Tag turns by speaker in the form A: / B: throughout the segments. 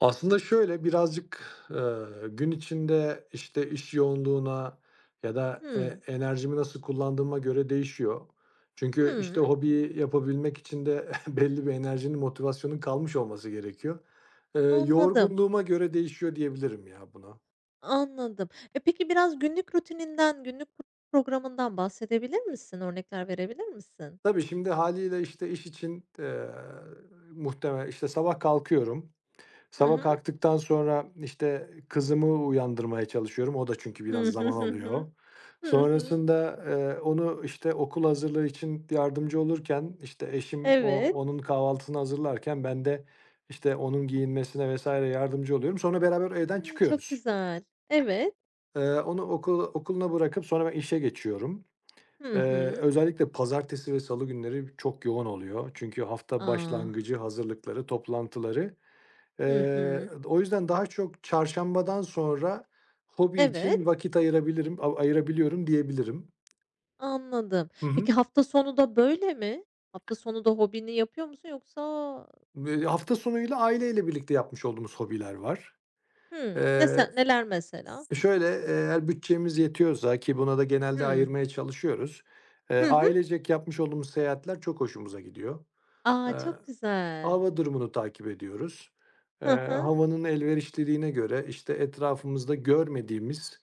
A: Aslında şöyle, birazcık, eee, gün içinde, işte, iş yoğunluğuna ya da, eee,
B: Hımm.
A: enerjimi nasıl kullandığıma göre değişiyor. Çünkü, işte,
B: Hıı.
A: hobiyi yapabilmek için de belli bir enerjinin, motivasyonun kalmış olması gerekiyor. Eee,
B: Anladım.
A: yorgunluğuma göre değişiyor diyebilirim ya buna.
B: Anladım. E, peki biraz günlük rutininden, günlük p programından bahsedebilir misin? Örnekler verebilir misin?
A: Tabii, şimdi, hâliyle, işte, iş için t eee, muhtemelen, işte, sabah kalkıyorum.
B: Hı
A: Sabah
B: hı.
A: kalktıktan sonra, işte, kızımı uyandırmaya çalışıyorum. O da çünkü
B: Hı
A: biraz
B: hı,
A: zaman
B: hı hı.
A: alıyor.
B: Hı hı.
A: Sonrasında, eee, onu, işte, okul hazırlığı için yardımcı olurken, işte, eşim, o
B: Evet.
A: onun kahvaltısını hazırlarken ben de, işte, onun giyinmesine vs. yardımcı oluyorum. Sonra beraber evden
B: Hımm, çok
A: çıkıyoruz.
B: güzel. Evet.
A: Eee, onu okul okuluna bırakıp sonra ben işe geçiyorum.
B: Hı
A: Eee,
B: hı.
A: özellikle pazartesi ve salı günleri çok yoğun oluyor çünkü hafta
B: A!
A: başlangıcı, hazırlıkları, toplantıları. Eee,
B: Hı hı.
A: d o yüzden daha çok çarşambadan sonra hobi için
B: Evet.
A: vakit ayırabilirim, av ayırabiliyorum diyebilirim.
B: Anladım.
A: Hı hı.
B: Peki hafta sonu da böyle mi? Hafta sonu da hobini yapıyor musun yoksa?
A: Eee, hafta sonuyla aileyle birlikte yapmış olduğumuz hobiler var.
B: Hımm, ne
A: Eee
B: sen neler mesela?
A: Şöyle, eğer bütçemiz yetiyorsa ki buna da genelde
B: Hımm.
A: ayırmaya çalışıyoruz, eee,
B: Hı hı.
A: ailecek yapmış olduğumuz seyahatler çok hoşumuza gidiyor.
B: A!
A: Eee,
B: Çok güzel.
A: hava durumunu takip ediyoruz. Eee,
B: Hı hı.
A: havanın elverişliliğine göre, işte, etrafımızda görmediğimiz,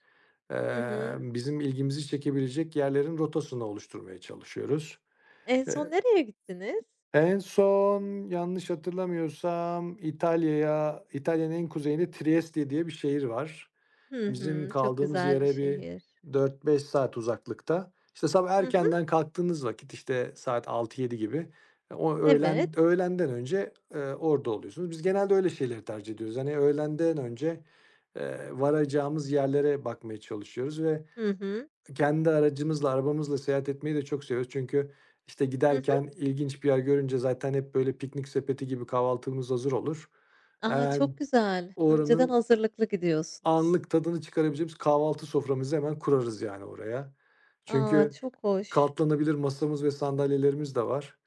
B: Hı hı.
A: emm, bizim ilgimizi çekebilecek yerlerin rotasını oluşturmaya çalışıyoruz.
B: En son
A: Eee
B: nereye gittiniz?
A: En son, yanlış hatırlamıyorsam, İtalya'ya İtalya'nın en kuzeyinde Trieste diye bir şehir var.
B: Hı
A: Bizim
B: hı, çok
A: kaldığımız
B: güzel bir
A: yere bir
B: şehir.
A: 4-5 saat uzaklıkta. İşte, sabah
B: Hı hı.
A: erkenden kalktığınız vakit, işte, saat 6-7 gibi, o öğlen
B: Evet.
A: öğlenden önce, eee, orada oluyorsunuz. Biz genelde öyle şeyleri tercih ediyoruz. Hani, öğlenden önce, eee, varacağımız yerlere bakmaya çalışıyoruz ve
B: Hı hı.
A: kendi aracımızla, arabamızla seyahat etmeyi de çok seviyoruz çünkü, işte,
B: Hı hı.
A: giderken ilginç bir yer görünce zaten hep böyle piknik sepeti gibi kahvaltımız hazır olur.
B: A!
A: Hemen
B: Çok güzel. Önceden
A: oranın
B: hazırlıklı gidiyorsunuz.
A: anlık tadını çıkarabileceğimiz kahvaltı soframızı hemen kurarız yani oraya.
B: A,
A: Çünkü
B: çok hoş!
A: katlanabilir masamız ve sandalyelerimiz de var.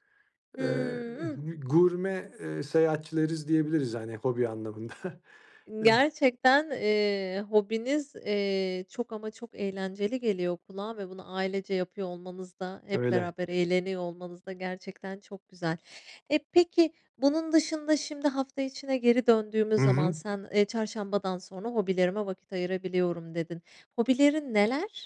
B: Hıı,
A: Eee,
B: ıh.
A: gü gurme, eee, seyahatçileriz diyebiliriz yani hobi anlamında. Eee
B: Gerçekten, eee, hobiniz, eee, çok ama çok eğlenceli geliyor kulağa ve bunu ailece yapıyor olmanız da hep
A: Öyle.
B: beraber eğleniyor olmanız da gerçekten çok güzel. Eee, peki bunun dışında şimdi hafta içine geri
A: Hı
B: döndüğümüz zaman
A: hı.
B: sen, eee, "Çarşambadan sonra hobilerime vakit ayırabiliyorum." dedin. Hobilerin neler?